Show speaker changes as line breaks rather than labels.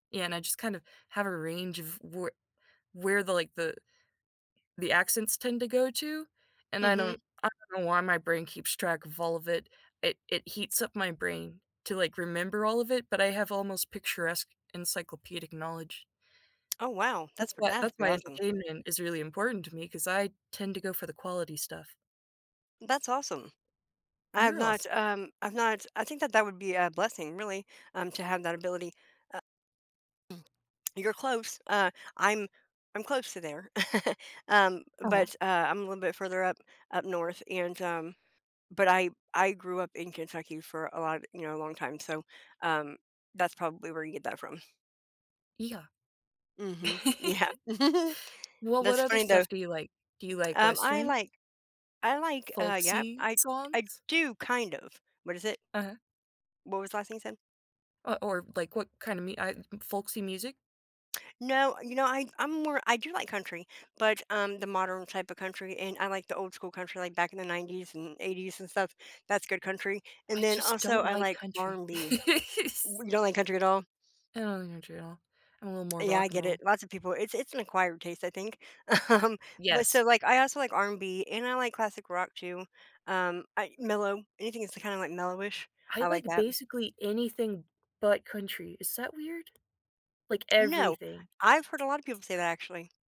Yeah, and I just kind of have a range of where where the, like, the the accents tend to go to, and I
Mhm.
don't I don't know why my brain keeps track of all of it. It it heats up my brain to, like, remember all of it, but I have almost picturesque, encyclopedic knowledge.
Oh, wow. That's
That's
for
why
that's
that's
really
why
awesome.
entertainment is really important to me 'cause I tend to go for the quality stuff.
That's awesome. I have
You're awes
not, um, I've not I think that that would be a blessing, really, um, to have that ability. Uh You're close. Uh, I'm I'm close to there. Um,
Uh-huh.
but, uh, I'm a little bit further up, up north, and, um, but I I grew up in Kentucky for a lot, you know, long time, so, um, that's probably where you get that from.
Yeah.
Mhm. Yeah.
Well, what
That's
other
funny, though.
stuff do you like? Do you like
Um, I
Westerns?
like I like, uh yep.
Folksy
I I
songs?
do kind of. What is it?
Uh-huh.
What was the last thing you said?
Uh, or like what kind of me I folksy music?
No, you know, I I'm more I do like country, but, um, the modern type of country, and I like the old school country, like, back in the '90s and '80s and stuff. That's good country.
I
And then,
just
also,
don't
I
like
like
country.
R&B.
S
W you don't like country at all?
I don't like country at all. I'm a little more
Yeah, I
rock and
get it.
roll.
Lots of people it's it's an acquired taste, I think. Um, but
Yes.
so, like, I also like R&B, and I like classic rock too. Um, I mellow. Anything that's kinda, like, mellowish,
I
I like
like
that.
basically anything but country. Is that weird? Like,
No.
everything.
I've heard a lotta people say that, actually.